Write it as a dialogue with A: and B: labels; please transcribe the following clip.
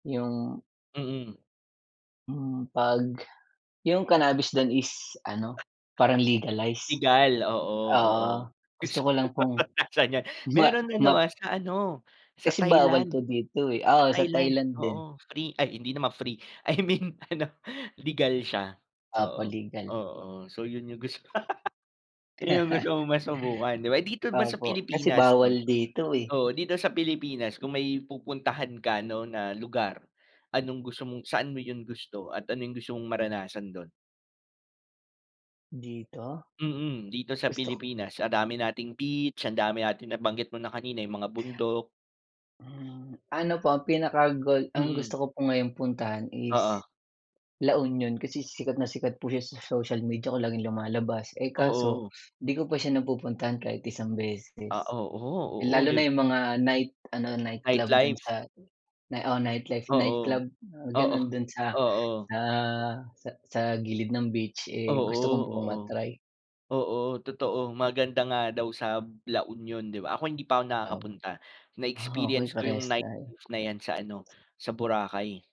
A: Yung
B: Mm.
A: Mm, 'pag yung cannabis dun is ano, parang legalize?
B: Legal. Oo, oo.
A: Oo, gusto ko lang pong
B: Saan 'yan?
A: ma
B: Meron ano,
A: mat
B: ah, sa ano, sa
A: Kasi bawal
B: Thailand.
A: po dito, eh.
B: Sa
A: Oo, sa
B: Thailand,
A: Thailand din.
B: oo, free ay hindi naman free. I mean ano, legal siya,
A: Opo,
B: oo,
A: legal.
B: oo. So yun yung gusto. Ayun yung gusto mong masubukan di ba? Dito ba sa
A: Opo. Kasi
B: Pilipinas 'no?
A: bawal dito, eh.
B: Oo, dito sa Pilipinas kung may pupuntahan ka 'no na lugar, anong gusto mong saan mo yung gusto at ano yung gusto mong maranasan dun?
A: Dito?
B: Mm, dito sa
A: Gusto k
B: Pilipinas. Ang dami nating beach, ang dami natin nabanggit mo kanina, yung mga bundok.
A: Hmm, ano po, ang pinaka goal ang
B: Mm.
A: gusto ko po ngayong puntahan is
B: Oo.
A: La Union kasi sikat na sikat po siya sa social media ko, laging lumalabas. Eh, kaso
B: Oo.
A: di ko pa siya napupuntahan kahit isang
B: Ah,
A: beses.
B: oo, oo,
A: Lalo
B: di
A: na yung mga night ano, nightclub dun
B: Nightlife?
A: sa oo, nightlife
B: Oo.
A: nightclub,
B: Oo.
A: gano'n dun sa
B: Oo.
A: sa sa sa gilid ng beach, eh, gusto ko
B: Oo,
A: pong
B: oo.
A: ma-try.
B: Oo, totoo. Maganda nga daw sa La Union, di ba? Ako hindi pa ako
A: Ah.
B: nakakapunta.
A: Ah, okey,
B: Na-experience ko yung
A: parehas tayo.
B: nightlife na 'yan sa ano, sa Boracay.